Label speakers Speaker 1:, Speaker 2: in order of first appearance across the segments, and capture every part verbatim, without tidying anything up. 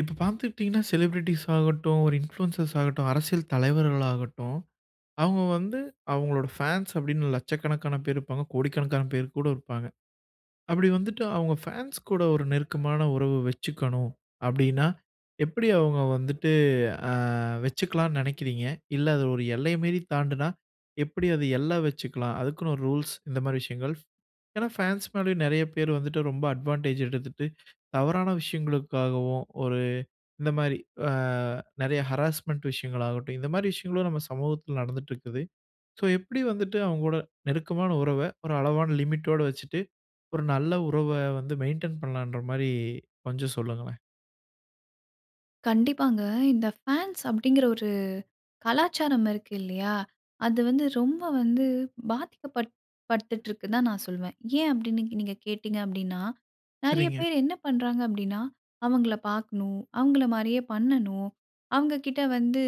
Speaker 1: இப்ப பாத்துக்கிட்டீங்கன்னா, ஷெலிப்ரெட்டீஸ் ஆகட்டும், ஒரு இன்ஃப்லியன்ஸஸ் ஆகட்டும், அரசியல் தலைவர்களாகட்டும், அவுங்க வந்து அவுங்களோட ஃபேன்ஸ் அப்டீன்னு, லட்சக்கணக்கான பேர் இருப்பாங்க. கோடிக்கணக்கான பேர் கூட இருப்பாங்க. அப்பிடி வந்துட்டு அவுங்க ஃபேன்ஸ் கூட ஒரு நெருக்கமான உறவு வச்சிக்கணும். அப்பிடீன்னா, எப்பிடி அவுங்க வந்துட்டு அ வச்சுக்கலான்னு நினைக்கிறீங்க? இல்ல அது ஒரு எல்லை மீறி தாண்டுனா, எப்பிடி அது எல்ல வச்சுக்கலாம். அதுக்குன்னு ஒரு ரூல்ஸ் இந்த மாதிரி விஷயங்கள். ஏன்னா, ஃபேன்ஸ் மேலேயும் நெறைய பேரு வந்துட்டு ரொம்ப அட்வான்டேஜ் எடுத்துட்டு, தவறான விஷயங்களுக்காகவும், ஒரு இந்தமாரி அ நெறைய ஹராஸ்மென்ட் விஷயங்களாகட்டும், இந்தமாரி விஷயங்களும் நம்ப சமூகத்துல நடந்திட்டு இருக்குது. சோ எப்பிடி வந்துட்டு அவுங்கோட நெருக்கமான உறவ, ஒரு அளவான லிமிட்டோட வச்சிட்டு ஒரு நல்ல உறவ வந்து மெயின்டெயின் பண்ணலான்ற மாரி கொஞ்சம் சொல்லுங்களேன்.
Speaker 2: கண்டிப்பாங்க. இந்த ஃபேன்ஸ் அப்பிடிங்கிற ஒரு கலாச்சாரம் இருக்கு இல்லையா, அது வந்து ரொம்ப வந்து பாதிக்கப்பட் படுத்துட்டுருக்குன்தான் நான் சொல்வேன். ஏன்? அப்பிடின்னு நீங்க கேட்டீங்க அப்பிடின்னா, நெறைய
Speaker 1: சரிங்க.
Speaker 2: பேரு என்ன பண்றாங்க அப்பிடின்னா, அவுங்கள பார்க்கணும், அவுங்கள மாரியே பண்ணணும், அவுங்கக்கிட்ட வந்து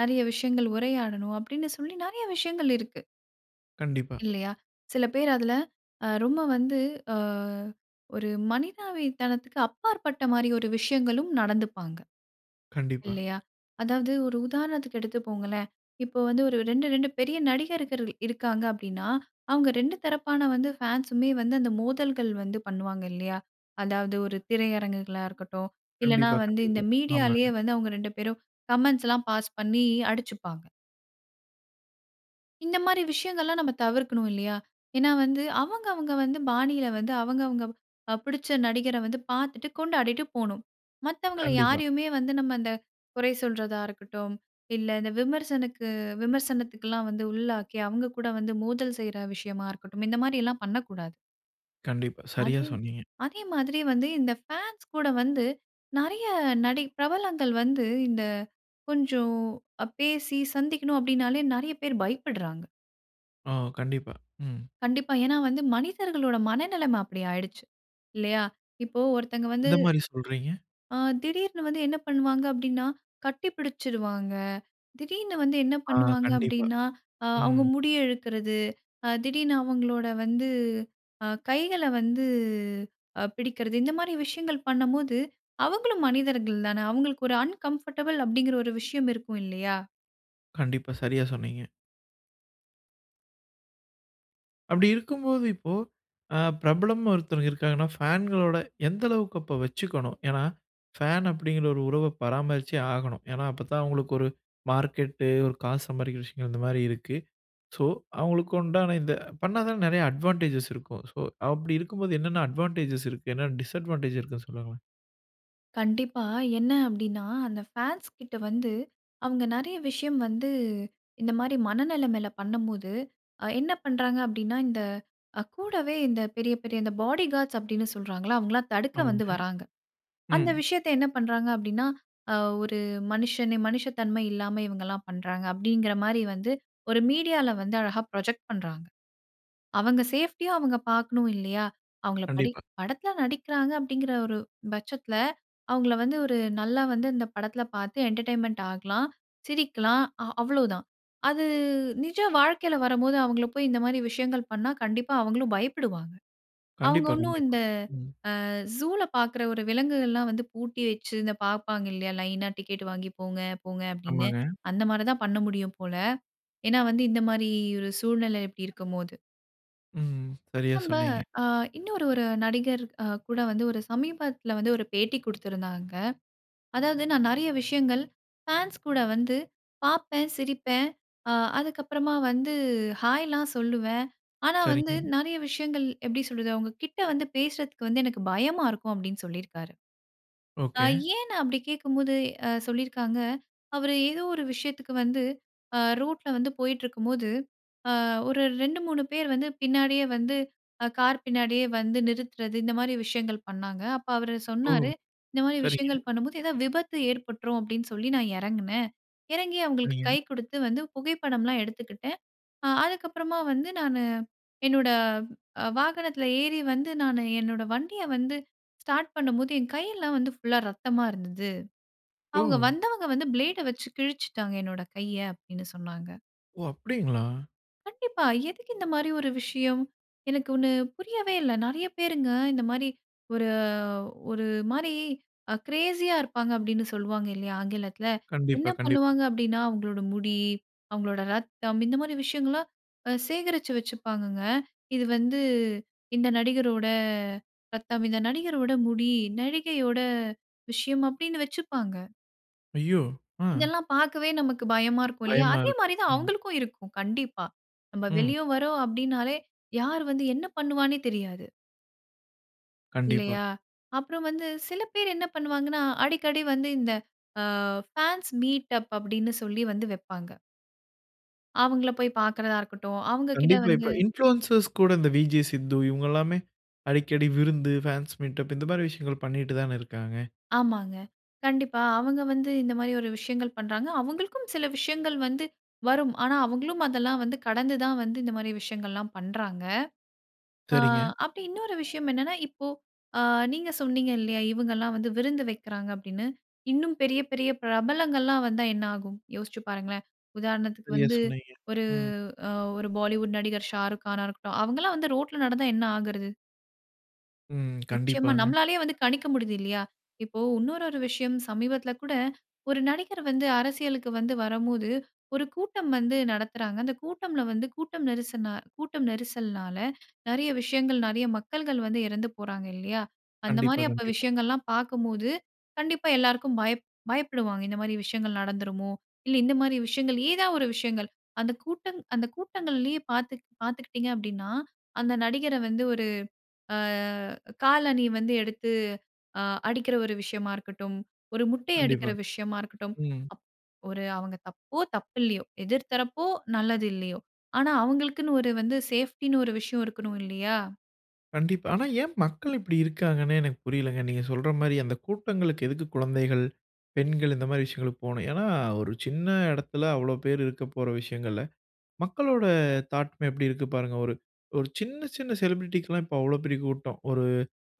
Speaker 2: நெறைய விஷயங்கள் உரையாடணும், அப்பிடின்னு சொல்லி நெறைய விஷயங்கள் இருக்கு.
Speaker 1: கண்டிப்பா.
Speaker 2: இல்லையா. சில பேர் அதில அ ரொம்ப வந்து அ ஒரு மனிதாவி தனத்துக்கு அப்பாற்பட்ட மாரி ஒரு விஷயங்களும் நடந்துப்பாங்க.
Speaker 1: கண்டிப்பா.
Speaker 2: இல்லையா? அதாவது ஒரு உதாரணத்துக்கு எடுத்துப்போங்களேன், இப்போ வந்து ஒரு ரெண்டு ரெண்டு பெரிய நடிகர்கர்ள் இருக்காங்க அப்படின்னா, அவுங்க ரெண்டு தரப்பான வந்து ஃபேன்ஸுமே வந்து அந்த மோதல்கள் வந்து பண்ணுவாங்க, இல்லையா. அதாவது ஒரு திரையரங்குகளா இருக்கட்டும், இல்லனா
Speaker 1: கண்டிப்பா,
Speaker 2: வந்து இந்த
Speaker 1: கண்டிப்பா.
Speaker 2: மீடியாலயே
Speaker 1: ஆமாங்க.
Speaker 2: வந்து அவங்க ரெண்டு பேரும் கமெண்ட்ஸ்லாம் பாஸ் பண்ணி அடிச்சுப்பாங்க. இந்த மாரி விஷயங்கள்லாம் நம்ம தவிர்க்கணும் இல்லையா. ஏன்னா வந்து, அவங்கவங்க வந்து பாணியில வந்து அவங்கவங்க அ பிடிச்ச நடிகரை வந்து பாத்துட்டு கொண்டாடிட்டு போணும். மத்தவங்கள
Speaker 1: கண்டிப்பா.
Speaker 2: யாரையுமே வந்து நம்ம அந்த குறை சொல்றதா இருக்கட்டும், இல்ல இந்த விமர்சனுக்கு அ விமர்சனத்துக்கெல்லாம் வந்து உள்ளாக்கி, அவங்க கூட வந்து மோதல் செய்ற விஷயமா இருக்கட்டும், இந்த மாரி எல்லாம் பண்ணக்கூடாது.
Speaker 1: கண்டிப்பா, சரியா
Speaker 2: அதே
Speaker 1: சொன்னீங்க.
Speaker 2: அதே மாதிரி வந்து இந்த ஃபான்ஸ் கூட வந்து நெறைய நடி பிரபலங்கள் வந்து இந்த கொஞ்சம் அ பேசி, சந்திக்கணும் அப்படின்னாலே நெறைய பேர் பயப்படுறாங்க.
Speaker 1: ஓ! கண்டிப்பா. ம்.
Speaker 2: கண்டிப்பா. ஏன்னா வந்து மனிதர்களோட மனநிலைமை அப்படி ஆயிடுச்சு, இல்லையா. இப்போ ஒருத்தங்க வந்து
Speaker 1: எந்த மாரி சொல்றீங்க?
Speaker 2: அ திடீர்னு வந்து என்ன பண்ணு வாங்க அப்படின்னா, கட்டி பிடிச்சிடுவாங்க. திடீர்னு வந்து என்ன
Speaker 1: ஆ.
Speaker 2: பண்ணுவாங்க
Speaker 1: கண்டிப்பா.
Speaker 2: அப்படின்னா, அ அவங்க
Speaker 1: ம்.
Speaker 2: முடிய இழுக்கிறது, அ திடீர்னு அவங்களோட வந்து அ கைகள வந்து அ பிடிக்கறது, இந்த மாரி விஷயங்கள் பண்ணம்போது, அவங்களும் மனிதர்கள் தானே, அவங்களுக்கு ஒரு அன்கம்ஃபர்டபிள் அப்படிங்கிற ஒரு விஷயம் இருக்கும் இல்லையா?
Speaker 1: கண்டிப்பா, சரியா சொன்னீங்க. அப்படி இருக்கும்போது இப்போ, அ பிரபலம் ஒருத்தர் இருக்காருன்னா ஃபேன்களோட எந்த அளவுக்கு அப்ப வச்சுக்கணும்? ஏன்னா ஃபேன் அப்படீங்கிற ஒரு உறவ பராமரிச்சே ஆகணும். ஏன்னா, அப்பத்தான் அவங்களுக்கு ஒரு மார்க்கெட்டு, ஒரு காசு சம்பாறிக்கிற விஷயங்கள் இந்த மாரி இருக்கு. ஸோ அவங்களுக்கு உண்டான இந்த பண்ணாதானே நெறைய அட்வான்டேஜஸ் இருக்கும். ஸோ அப்படி இருக்கும்போது, என்னென்ன அட்வான்டேஜஸ் இருக்கு? என்ன டிஸ்அட்வான்டேஜ் இருக்குன்னு சொல்லுங்களேன்?
Speaker 2: கண்டிப்பா. என்ன அப்படீன்னா, அந்த ஃபேன்ஸ்கிட்ட வந்து அவங்க நெறைய விஷயம் வந்து இந்த மாரி மனநிலைமைல பண்ணும்போது, அ என்ன பண்றாங்க அப்படீன்னா, இந்த அ கூடவே இந்த பெரிய, பெரிய இந்த பாடிகார்ட்ஸ் அப்படீன்னு சொல்றாங்கல்ல, அவங்கல்லாம் தடுக்க வந்து
Speaker 1: ஆமாங்க,
Speaker 2: வர்றாங்க. அந்த
Speaker 1: ம்.
Speaker 2: விஷயத்த என்ன பண்றாங்க அப்படீன்னா, "அ ஒரு மனுஷனே மனுஷத்தன்ம இல்லாம இவங்கல்லாம் பண்றாங்க." அப்படீங்கிற மாரி வந்து ஒரு மீடியால வந்து அழகா ப்ரொஜெக்ட் பண்றாங்க. அவங்க சேஃப்டிய அவங்க பார்க்கணும் இல்லையா? அவங்கள படி
Speaker 1: கண்டிப்பா.
Speaker 2: படத்துல நடிக்கிறாங்க அப்படீங்கிற ஒரு பட்சத்துல, அவங்கள வந்து ஒரு நல்லா வந்து அந்த படத்துல பார்த்து என்டர்டைன்மென்ட் ஆகலாம், சிரிக்கலாம், அ அவ்வளோதான். அது நிஜ வாழ்க்கையில வரம்போது, அவங்கள போய் இந்த மாரி விஷயங்கள் பண்ணா, கண்டிப்பா அவங்களும் பயப்படுவாங்க. அவங்க
Speaker 1: கண்டிப்பா,
Speaker 2: ஒண்ணும்
Speaker 1: கண்டிப்பா.
Speaker 2: இந்த
Speaker 1: ம்.
Speaker 2: அ ஜூல பார்க்குற ஒரு விலங்குகள்லாம் வந்து பூட்டி வச்சு, இந்த பார்ப்பாங்க இல்லையா? லைனா டிக்கெட் வாங்கி போங்க, போங்க அப்படீன்னு?
Speaker 1: ஆமாங்க.
Speaker 2: அந்த மாரிதான் பண்ண முடியும் போல. ஏன்னா வந்து இந்த மாரி ஒரு சூழ்நிலை இப்படி இருக்கும்போது.
Speaker 1: ம் சரியா
Speaker 2: நம்ப
Speaker 1: சொன்னீங்க.
Speaker 2: அ இன்னொரு ஒரு நடிகர் அ கூட வந்து ஒரு சமீபத்தில வந்து ஒரு பேட்டி குடுத்துருந்தாங்க. அதாவது "நான் நெறைய விஷயங்கள் ஃபேன்ஸ் கூட வந்து பார்ப்பேன், சிரிப்பேன், அ அதுக்கப்பறமா வந்து ஹாய்லாம் சொல்லுவேன். ஆனா, வந்து
Speaker 1: சரிங்க.
Speaker 2: நெறைய விஷயங்கள் எப்படி சொல்றது? அவங்க கிட்ட வந்து பேசுறதுக்கு வந்து எனக்கு பயமா இருக்கும்". அப்டின்னு சொல்லியிருக்காரு. அ
Speaker 1: ஓகே.
Speaker 2: ஏன் நான் அப்டி கேக்கும்போது, அ சொல்லியிருக்காங்க. அவரு ஏதோ ஒரு விஷயத்துக்கு வந்து அ ரோட்ல வந்து போயிட்டுருக்கும்போது, அ ஒரு ரெண்டு மூணு பேர் வந்து பின்னாடியே வந்து அ கார் பின்னாடியே வந்து நிறுத்துறது, இந்த மாரி விஷயங்கள் பண்ணாங்க. அப்ப அவரு
Speaker 1: ஓ!
Speaker 2: சொன்னாரு "இந்த மாதிரி
Speaker 1: சரிங்க.
Speaker 2: விஷயங்கள் பண்ணும்போது ஏதாவது விபத்து ஏற்பட்டுரும் அப்படின்னு சொல்லி நான் எறங்கினேன். எறங்கி அவங்களுக்கு கை
Speaker 1: சரிங்க.
Speaker 2: கொடுத்து வந்து புகைப்படம்லாம் எடுத்துக்கிட்டேன். அ அதுக்கப்பறமா வந்து நானு என்னோட, வாகனத்ல ஏறி வந்து நானு என்னோட வண்டிய வந்து ஸ்டார்ட் பண்ணும்போது, என் கையெல்லாம் வந்து ஃபுல் லா ரத்தமா இருந்தது. அவங்க
Speaker 1: ஓ!
Speaker 2: வந்தவங்க வந்து ஃபிளேடு அ வச்சு கிழிச்சுட்டாங்க என்னோட கைய" அப்டின்னு சொன்னாங்க.
Speaker 1: ஓ! அப்டிங்களா?
Speaker 2: கண்டிப்பா. எதுக்கு இந்த மாரி ஒரு விஷயம்? எனக்கு ஒண்ணு புரியவே இல்ல. நெறைய பேருங்க இந்த மாரி ஒரு ஒரு மாரி அ கிரேஸி யா இருப்பாங்க.அப்டின்னு சொல்லுவாங்க இல்லயா? ஆங்கிலத்ல
Speaker 1: கண்டிப்பா
Speaker 2: என்ன
Speaker 1: கண்டிப்பா.
Speaker 2: பண்ணுவாங்க அப்டின்னா அவங்களோட முடி, அவங்களோட ரத்தம் இந்த மாரி விஷயங்கள்லாம் அ சேகரிச்சு வச்சுப்பாங்கங்க. இது வந்து இந்த நடிகரோட ரத்தம். இந்த நடிகரோட முடி. நடிகையோட விஷயம். அப்டின்னு வச்சுப்பாங்க.
Speaker 1: ஐயோ! ஆ.
Speaker 2: இதெல்லாம் பார்க்கவே நமக்கு பயமா இருக்கும் இல்லையா,
Speaker 1: பயமா
Speaker 2: அதே
Speaker 1: இருக்கு.
Speaker 2: மாரி தான்
Speaker 1: ம்.
Speaker 2: அவங்களுக்கும் இருக்கும் கண்டிப்பா. நம்ம
Speaker 1: ம்.
Speaker 2: வெளிய வறோம் அப்படின்னாலே, யார் வந்து என்ன பண்ணுவானே தெரியாது
Speaker 1: கண்டிப்பா.
Speaker 2: இல்லையா? அப்புறம் வந்து சில பேர் என்ன பண்ணுவாங்கணா, அடிக்கடி வந்து இந்த ஆ ஃபேன்ஸ் மீட் அப் அப்படின்னு சொல்லி வந்து வப்பாங்க. அவங்களை போய் பார்க்கிறதா இருக்கட்டும், அவங்க கிட்ட
Speaker 1: கண்டிப்பா, இப்போ
Speaker 2: வந்து.
Speaker 1: இன்ஃபிலுயன்சர்ஸ் கூட இந்த விஜே சித்து இவங்களாமே அடிக்கடி விருந்து, ஃபேன்ஸ் மீட்டப் இந்த மாரி விஷயங்கள் பண்ணிக்கிட்டுதானே இருக்காங்க.
Speaker 2: ஆமாங்க. கண்டிப்பா அவங்க வந்து இந்த மாதிரி ஒரு விஷயங்கள் பண்றாங்க. அவங்களுக்கும் சில விஷயங்கள் வந்து வரும். ஆனா அவங்களும் அதெல்லாம் வந்து கடந்து தான் வந்து இந்த மாதிரி விஷயங்கள்லாம் பண்றாங்க. ஆ
Speaker 1: சரிங்க.
Speaker 2: அப்படி இன்னொரு விஷயம் என்னன்னா இப்போ அ நீங்க சொன்னீங்க இல்லையா? இவங்கலாம் வந்து விருந்து வைக்கிறாங்க அப்படின்னு. இன்னும் பெரிய பெரிய பிரபலங்கள்லாம் வந்தா என்ன ஆகும். யோசிச்சு பாருங்களேன். உதாரணத்துக்கு
Speaker 1: சரியா
Speaker 2: வந்து
Speaker 1: சொன்னீங்க,
Speaker 2: ஒரு
Speaker 1: ம்.
Speaker 2: அ ஒரு பாலிவுட் நடிகர் ஷாருக்கானா இருக்கட்டும், அவங்களலாம் வந்து ரோட்டுல நடந்தா என்ன ஆகிறது?
Speaker 1: ம்,
Speaker 2: நிச்சயமா.
Speaker 1: கண்டிப்பாங்க.
Speaker 2: நம்மலாலயே வந்து கணிக்க முடியுது இல்லையா. இப்போ இன்னொரு ஒரு விஷயம் சமீபத்தில கூட, ஒரு நடிகர் வந்து அரசியலுக்கு வந்து வரும்போது ஒரு கூட்டம் வந்து நடத்துறாங்க. அந்த கூட்டம்ல வந்து கூட்டம் நெரிச கூட்டம் நெரிசல்னால நிறைய விஷயங்கள் நிறைய மக்கள்கள் வந்து இறந்து போறாங்க இல்லையா, அந்த
Speaker 1: கண்டிப்பா,
Speaker 2: மாதிரி
Speaker 1: கண்டிப்பா.
Speaker 2: விஷயங்கள்லாம் பார்க்கும்போது கண்டிப்பா எல்லாருக்கும் பயப் பயப்படுவாங்க இந்த மாதிரி விஷயங்கள் நடந்துருமோ. இல்ல இந்த மாதிரி விஷயங்கள், ஏதாவது ஒரு விஷயங்கள். அந்த கூட்டம் அந்த கூட்டங்களிலேயே பார்த்து பார்த்தூக்கிட்டீங்க அப்படின்னா, அந்த நடிகரை வந்து ஒரு ஆ காலணி வந்து எடுத்து அ அடிக்கிற ஒரு விஷயமா இருக்கட்டும், ஒரு முட்டை
Speaker 1: கண்டிப்பா.
Speaker 2: அடிக்கிற விஷயமா இருக்கட்டும்,
Speaker 1: ம்.
Speaker 2: அப் ஒரு "அவங்க தப்போ தப்பு இல்லையோ, எதிர் தரப்போ நல்லது இல்லையோ ஆனா அவர்களுக்குனு ஒரு வந்து சேஃப்டின்னு ஒரு விஷயம் இருக்ணும்" இல்லையா?
Speaker 1: கண்டிப்பா. ஆனா ஏன் மக்கள் இப்படி இருக்காங்கனே எனக்கு புரியலைங்க. நீங்க சொல்ற மாரி அந்த கூட்டங்களுக்கு எதுக்கு குழந்தைகள், பெண்கள் இந்த மாரி விஷயங்களுக்கு போகணும். ஏன்னா, ஒரு சின்ன இடத்துல அவ்வளோ பேர் இருக்க போற விஷயங்கள்ல, மக்களோட தாட்டு மே எப்படி இருக்கு பாருங்க! ஒரு ஒரு சின்ன, சின்ன செலிபிரிட்டிக்கு லாம் இப்போ அவ்வளவு பெரிய கூட்டம். ஒரு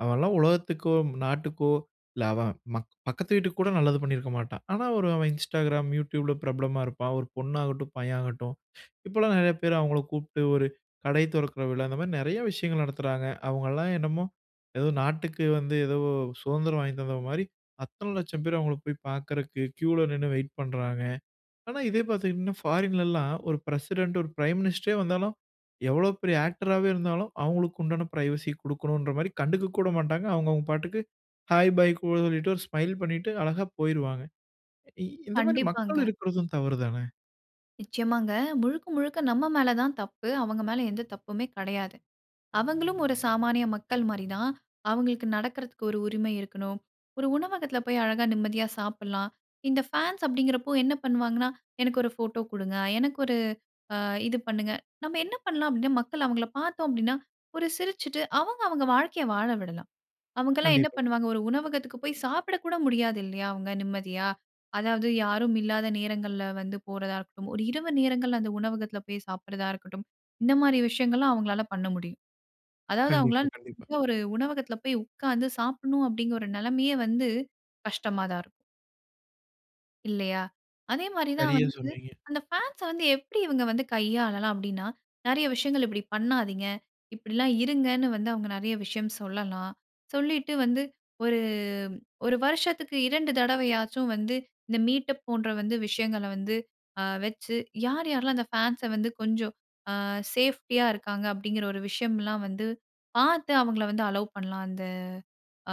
Speaker 1: அவன்ல்லாம் உலகத்துக்கோ, நாட்டுக்கோ, இல்ல அவன் மக் பக்கத்து வீட்டுக்கு கூட நல்லது பண்ணியிருக்க மாட்டான். ஆனா ஒரு அவன் Instagram, YouTube ல பிரபலமா இருப்பான். ஒரு பொண்ணாகட்டும், பையன் ஆகட்டும், இப்போல்லாம் நெறைய பேர் அவங்கள கூப்பிட்டு ஒரு கடை தொறக்கிற விழா, அந்த மாரி நெறைய விஷயங்கள் நடத்துறாங்க. அவங்கல்லாம் என்னமோ, ஏதோ நாட்டுக்கு வந்து எதோ சுதந்திரம் வாங்கி தந்தது மாதிரி, அத்தனை லட்சம் பேர் அவங்களை போய் பார்க்குறதுக்கு கியூவுல நின்னு வெயிட் பண்றாங்க. ஆனா இதே பார்த்தீங்கன்னா, ஃபாரின்லல்லாம் ஒரு பிரசிடென்ட், ஒரு பிரைம் மினிஸ்டரே வந்தாலும், எவ்வளவு பெரிய ஆக்டராவே இருந்தாலும், அவங்களுக்கு உண்டான பிரைவசி குடுக்கணும்ன்ற மாரி கண்டுக்கக்கூட மாட்டாங்க. அவங்கவங்க பாட்டுக்கு ஹை, பை, கூல்ன்னு சொல்லிட்டு, ஒரு ஸ்மைல் பண்ணீட்டு அழகாப் போய்ருவாங்க. இ இந்த மாதிரி மக்கள்
Speaker 2: கண்டிப்பாங்க.
Speaker 1: இருக்கறதும் தவறு தான?
Speaker 2: நிச்சயமாங்க. முழுக்க, முழுக்க நம்ம மேல தான் தப்பு. அவங்க மேல எந்த தப்புமே கெடையாது. அவங்களும் ஒரு சாமானிய மக்கள் மாரி தான். அவங்களுக்கு நடக்கறதுக்கு ஒரு உரிமை இருக்கணும். ஒரு உணவகத்தில போய் அழகா நிம்மதியா சாப்பிடலாம். இந்த ஃபேன்ஸ் அப்படிங்கிறப்போ என்ன பண்ணுவாங்கன்னா, "எனக்கு ஒரு ஃபோட்டோ குடுங்க? எனக்கு ஒரு அ இது பண்ணுங்க." நம்ம என்ன பண்ணலாம் அப்படீன்னா, மக்கள் அவங்கள பார்த்தோம் அப்படீன்னா, ஒரு சிரிச்சுட்டு அவங்கவங்க வாழ்க்கையை வாழ விடலாம். அவங்கல்லாம் என்ன
Speaker 1: கண்டிப்பா.
Speaker 2: பண்ணுவாங்க? ஒரு உணவகத்துக்கு போய் சாப்பிட கூட முடியாது இல்லையா? அவங்க நிம்மதியா. அதாவது யாரும் இல்லாத நேரங்கள்ல வந்து போறதா இருக்கட்டும், ஒரு இரவு நேரங்கள்ல அந்த உணவகத்தில போய் சாப்பிடுறதா இருக்கட்டும், இந்த மாரி விஷயங்கள்ல்லாம் அவங்களால பண்ண முடியும். அதாவது
Speaker 1: கண்டிப்பா,
Speaker 2: அவங்களால,
Speaker 1: கண்டிப்பா.
Speaker 2: "நல்ல ஒரு உணவகத்தில் போய் உட்கார்ந்து சாப்பிடணும்." அப்படீங்கிற ஒரு நெலைமையே வந்து கஷ்டமா தான் இருக்கும். இல்லையா! அதே மாரிதான்
Speaker 1: சரியா
Speaker 2: வந்து,
Speaker 1: சொன்னீங்க.
Speaker 2: அந்த ஃபேன்ஸ வந்து எப்டி இவுங்க வந்து கையாளலாம் அப்டின்னா, நெறைய விஷயங்கள் இப்டி பண்ணாதீங்க. இப்பிடிலாம் இருங்கன்னு வந்து அவுங்க நெறைய விஷயம் சொல்லலாம். சொல்லிட்டு வந்து ஒரு, ஒரு வருஷத்துக்கு இரண்டு தடவையாச்சும் வந்து இந்த மீட்டப் போன்ற வந்து விஷயங்கள வந்து, அ வச்சு யார், யார்லாம் அந்த ஃபேன்ஸ வந்து கொஞ்சம் அ சேஃப்டியா இருக்காங்க, அப்டிங்கிற ஒரு விஷயம்லாம் வந்து பாத்து அவுங்கள வந்து அல்லோவ் பண்லாம். அந்த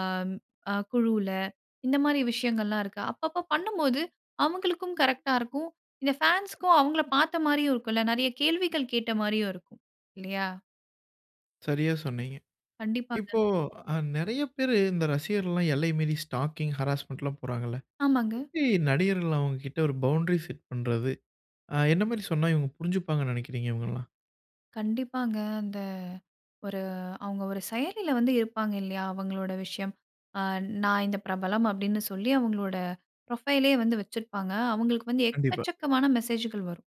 Speaker 2: ஆம் அ குழுவுல. இந்தமாரி விஷயங்கள் எல்லாம் இருக்கா? அப்பப்ப பண்ணும்போது, அவுங்களுக்கும் கரெக்ட்டா இருக்கும். இந்த ஃபேன்ஸ்க்கும் அவுங்கள பாத்தமாரியும் இருக்குன்ல. நிறைய கேள்விகள் கேட்டமாரியும் இருக்கும், இல்லயா!
Speaker 1: சரியா சொன்னீங்க.
Speaker 2: கண்டிப்பாங்க.
Speaker 1: இப்போ அ நிறைய பேரு இந்த ரசிகர்கள்லாம் எல்லை மீறி ஸ்டாக்கிங், ஹராஸ்மென்ட்ல்லாம் போறாங்கல்ல.
Speaker 2: ஆமாங்க.
Speaker 1: எப்பிடி நடிகர்கள் அவுங்கக்கிட்ட ஒரு பவுண்டரி செட் பண்றது? ஆ, என்னமாரி சொன்னா இவுங்க புரிஞ்சிப்பாங்கன்னு நெனைக்கிறீங்க? இவுங்கள்லாம்.
Speaker 2: கண்டிப்பாங்க. அந்த ஒரு அவுங்க ஒரு செயலில வந்து இருப்பாங்க இல்லயா! அவுங்களோட விஷயம் ஆ நான் இந்த பிரபலம் அப்டின்னு சொல்லி அவுங்களோட புரொஃபைலே வந்து வச்சிருப்பாங்க. அவுங்களுக்கு வந்து
Speaker 1: கண்டிப்பா.
Speaker 2: எக்கச்சக்கமான மெசேஜ்கள் வரும்.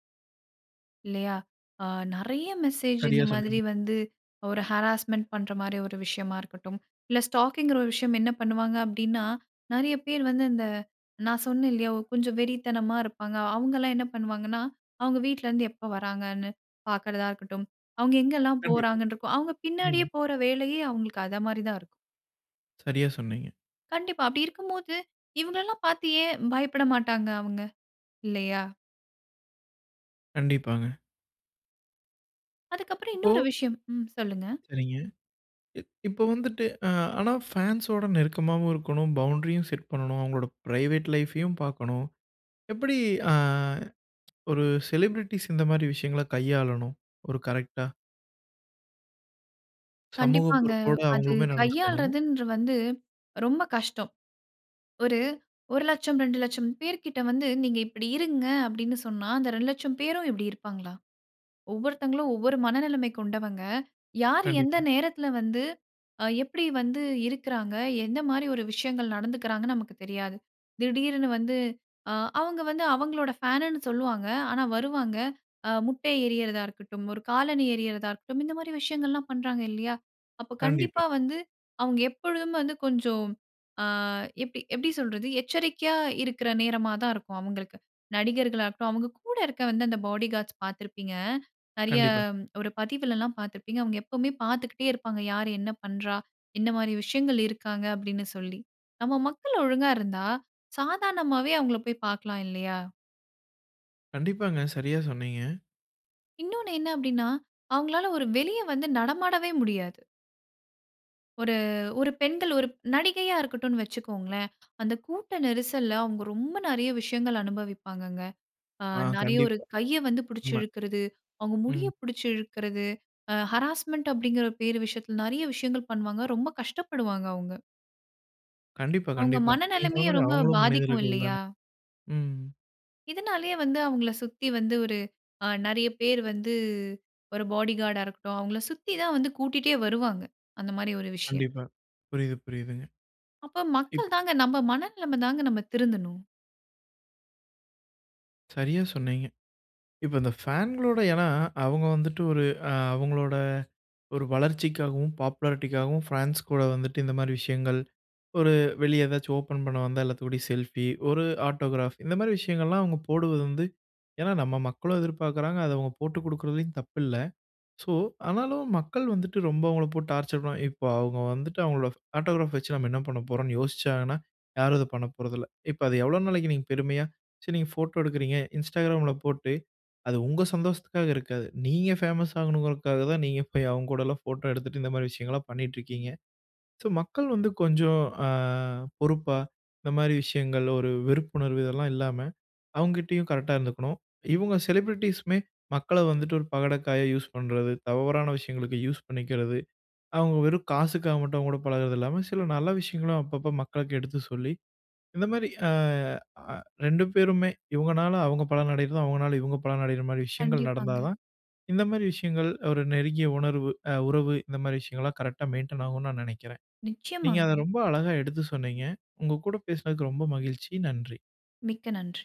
Speaker 2: இல்லையா? அ நிறைய மெசேஜ் இந்த
Speaker 1: சரியா
Speaker 2: மாதிரி
Speaker 1: சொன்னீங்க.
Speaker 2: வந்து ஒரு ஹராஸ்மென்ட் பண்ற மாரி ஒரு விஷயமா இருக்கட்டும், இல்ல ஸ்டாக்கி என்கிற ஒரு விஷயம் என்ன பண்ணுவாங்க அப்படின்னா நிறைய பேர் வந்து அந்த நான் சொன்னேன் இல்லையா கொஞ்சம் வெறித்தனமா இருப்பாங்க. அவுங்கலாம் என்ன பண்ணுவாங்கன்னா, அவுங்க வீட்ல இருந்து எப்போ வராங்கன்னு பார்க்குறதா இருக்கட்டும். அவங்க எங்கெல்லாம்
Speaker 1: கண்டிப்பா.
Speaker 2: போறாங்கன்னு இருக்கும். அவங்க பின்னாடியே
Speaker 1: ம்.
Speaker 2: போற வேலையே அவங்களுக்கு அத மாரி தான் இருக்கும்.
Speaker 1: சரியா சொன்னீங்க.
Speaker 2: கண்டிப்பா, அப்படி இருக்கும்போது இவங்கல்லாம் பார்த்து ஏன் பயப்பட மாட்டாங்க அவுங்க இல்லையா?
Speaker 1: கண்டிப்பாங்க.
Speaker 2: அதுக்கப்புறம்
Speaker 1: இப்போ.
Speaker 2: இன்னொரு விஷயம் ம் சொல்லுங்க.
Speaker 1: சரிங்க. எ இப்போ வந்துவிட்டு ஆ ஆனா பான்ஸ் ஓட நெருக்கமாவும் இருக்கணும். பவுண்ரியும் செட் பண்ணனும். அவுங்களோட பிரைவேட் லைஃப்ஐயும் பார்க்கணும். எப்படி ஆ ஒரு செலிபிரிட்டீஸ் இந்த மாதிரி விஷயங்கள கையாளணும். ஒரு கரெக்ட்டா. சமூக
Speaker 2: கண்டிப்பாங்க.
Speaker 1: பொறுப்போட
Speaker 2: அது
Speaker 1: அவுங்களுமே நடந்துக்கணும்.
Speaker 2: கையாள்றதுன்ற வந்து ரொம்ப கஷ்டம். ஒரு ஒரு லட்சம் ரெண்டு லட்சம் பேர்க்கிட்ட வந்து நீங்க இப்படி இருங்க, அப்படின்னு சொன்னா அந்த ரெண்டு லட்சம் பேரும் இப்படி இருப்பாங்களா? ஒவ்வொருத்தவங்களும் ஒவ்வொரு மனநிலைமை கொண்டவங்க யாரு எந்த
Speaker 1: கண்டிப்பா.
Speaker 2: நேரத்தில வந்து, அ எப்படி வந்து இருக்குறாங்க. என்ன மாரி ஒரு விஷயங்கள் நடந்துக்குறாங்கன்னு நமக்கு தெரியாது. திடீருன்னு வந்து அ அவுங்க வந்து அவுங்களோடய ஃபேனுன்னு சொல்லுவாங்க. ஆனா வருவாங்க. ஆ முட்டைய எரியரதா இருக்கட்டும், ஒரு காலணி எரியரதா இருக்கட்டும், இந்த மாரி விஷயங்கள் எல்லாம் பண்றாங்க இல்லையா, அப்ப
Speaker 1: கண்டிப்பா.
Speaker 2: கண்டிப்பா வந்து அவுங்க எப்பொழுதும் வந்து கொஞ்சம், ஆ எப் எப்படி சொல்றது எச்சரிக்கையா இருக்குற நேரமா தான் இருக்கும் அவுங்களுக்கு. நடிகர்களா இருக்கட்டும், அவுங்க கூட இருக்க அந்த பாடி கார்ட்ஸ் பார்த்திருப்பீங்க. நிறைய
Speaker 1: கண்டிப்பாக.
Speaker 2: ஒரு பதிவுலல்லாம் பார்த்திருப்பீங்க. அவுங்க எப்பவுமே பார்த்துக்கிட்டே இருப்பாங்க. யார் என்ன பண்றா என்ன மாரி விஷயங்கள் இருக்காங்க அப்படின்னு சொல்லி நம்ம மக்கள் ஒழுங்கா இருந்தா சாதாரணமாவே அவுங்கள போய் பார்க்கலாம் இல்லையா.
Speaker 1: கண்டிப்பாங்க, சரியா சொன்னீங்க.
Speaker 2: இன்னொன்னு என்ன அப்படின்னா, அவுங்களால ஒரு வெளிய வந்து நடமாடவே முடியாது. ஒரு ஒரு பெண்கள் ஒரு நடிகையா இருக்கட்டுன்னு வச்சிக்கோங்களேன். அந்த கூட்ட நெரிசல்ல, அவுங்க ரொம்ப நெறைய விஷயங்கள் அனுபவிப்பாங்கங்க. ஆ
Speaker 1: ஆ,
Speaker 2: நெறைய ஒரு
Speaker 1: கண்டிப்பா.
Speaker 2: கைய வந்து பிடிச்சு
Speaker 1: உண்ம.
Speaker 2: இழுக்குறது, அவுங்க முடிய
Speaker 1: ம்.
Speaker 2: பிடிச்சு இழுக்குறது, ஆ ஹராஸ்மன்ட் அப்படிங்கிற பேரு விஷயத்தில நெறைய விஷயங்கள் பண்ணுவாங்க. ரொம்ப கஷ்டப்படுவாங்க அவுங்க.
Speaker 1: கண்டிப்பா,
Speaker 2: அவுங்க
Speaker 1: கண்டிப்பா. நீங்க சொன்ன
Speaker 2: மனநிலமையும்
Speaker 1: மாரி
Speaker 2: ரொம்ப
Speaker 1: அவுங்களும்
Speaker 2: பாதிக்கும்
Speaker 1: மனிதர்கள்
Speaker 2: இல்லையா?
Speaker 1: தானே! ம்.
Speaker 2: இதனாலயே வந்து, அவங்கள சுத்தி வந்து ஒரு ஆ நறைய பேர் வந்து, ஒரு பாடிகாடா இருக்கட்டும். அவங்கள சுத்தி தான் வந்து கூட்டிட்டே வருவாங்க! அந்த மாரி ஒரு விஷயம்.
Speaker 1: கண்டிப்பா. புரியுது, புரியுதுங்க.
Speaker 2: அப்ப
Speaker 1: இப்போ
Speaker 2: மக்கள் தாங்க, நம்ம மனநிலமைதாங்க! நம்ம திருந்தணும்.
Speaker 1: சரியா சொன்னீங்க. இப்ப இந்த ஃபேன்களோட ஏன்னா, அவுங்க வந்துட்டு ஒரு அ அவங்களோட ஒரு வளர்ச்சிக்காகவும், பாப்புலாரிட்டிக்காகவும் ஃபேன்ஸ் கூட வந்துட்டு, இந்த மாரி விஷயங்கள் ஒரு வெளிய ஏதாச்சும் ஓப்பன் பண்ண வந்தா எல்லாத்துக்கூடயும் செல்ஃபி, ஒரு ஆட்டோகிராப் இந்த மாரி விஷயங்கள்லாம் அவுங்க போடுவது வந்து ஏன்னா நம்ம மக்களும் எதிர்பாக்குறாங்க. அதை அவுங்க போட்டு குடுக்குறதிலயும் தப்பு இல்ல. ஸோ, ஆனாலும் மக்கள் வந்துட்டு ரொம்ப அவுங்கள போட்டு டார்ச்சர் பண்ணுவாங் இப்போ அவுங்க வந்துட்டு, அவுங்களோட ஆட்டோகிராப் வச்சு நம்ம என்ன பண்ண போறோம்ன்னு யோசிச்சாங்கன்னா, யாரும் அத பண்ண போறதில்ல. இப்ப அது எவ்ளோ நாளைக்கு நீங்க பெருமையா சரி நீங்க ஃபோட்டோ எடுக்குறீங்க. Instagram ல போட்டு அது உங்க சந்தோஷத்துக்காக இருக்காது. நீங்க ஃபேமஸ் ஆகணுங்கிறதுக்காக தான் நீங்க போய் அவுங்க கூடலாம் ஃபோட்டோ எடுத்துட்டு, இந்த மாரி விஷயங்கள்லாம் பண்ணீட்ருக்கீங்க. ஸோ மக்கள் வந்து கொஞ்சம் அ பொறுப்பா, இந்த மாரி விஷயங்கள், ஒரு வெறுப்புணர்வு இதெல்லாம் இல்லாம, அவுங்கிட்டயும் கரெக்ட்டா இருந்துக்கணும். இவுங்க செலிபிரிட்டீஸுமே மக்கள வந்துட்டு ஒரு பகடைக்காயா யூஸ் பண்றது, தவறான விஷயங்களுக்கு யூஸ் பண்ணிக்கிறது, அவங்க வெறும் காசுக்காக மட்டும் அவங்க கூட பழகுறது இல்லாம, சில நல்ல விஷயங்களும் அப்பப்போ மக்களுக்கு எடுத்து சொல்லி, இந்த மாரி அ அ ரெண்டு பேருமே, இவங்கனால அவங்க பலன் அடையறதும், அவங்கனால இவங்க பலனடையர மாரி விஷயங்கள் நடந்தா
Speaker 2: கண்டிப்பாங்க.
Speaker 1: தான், இந்த மாரி விஷயங்கள் ஒரு நெருங்கிய உணர்வு அ உறவு, இந்த மாரி விஷயங்கள்லாம் கரெக்ட்டா மெயின்டென் ஆகும்ன்னு நான் நெனைக்கிறேன். நீங்க அத
Speaker 2: நிச்சயமாங்க.
Speaker 1: ரொம்ப அழகா எடுத்து சொன்னீங்க. உங்க கூட பேசுனதுக்கு ரொம்ப மகிழ்ச்சி. நன்றி!
Speaker 2: மிக்க நன்றி!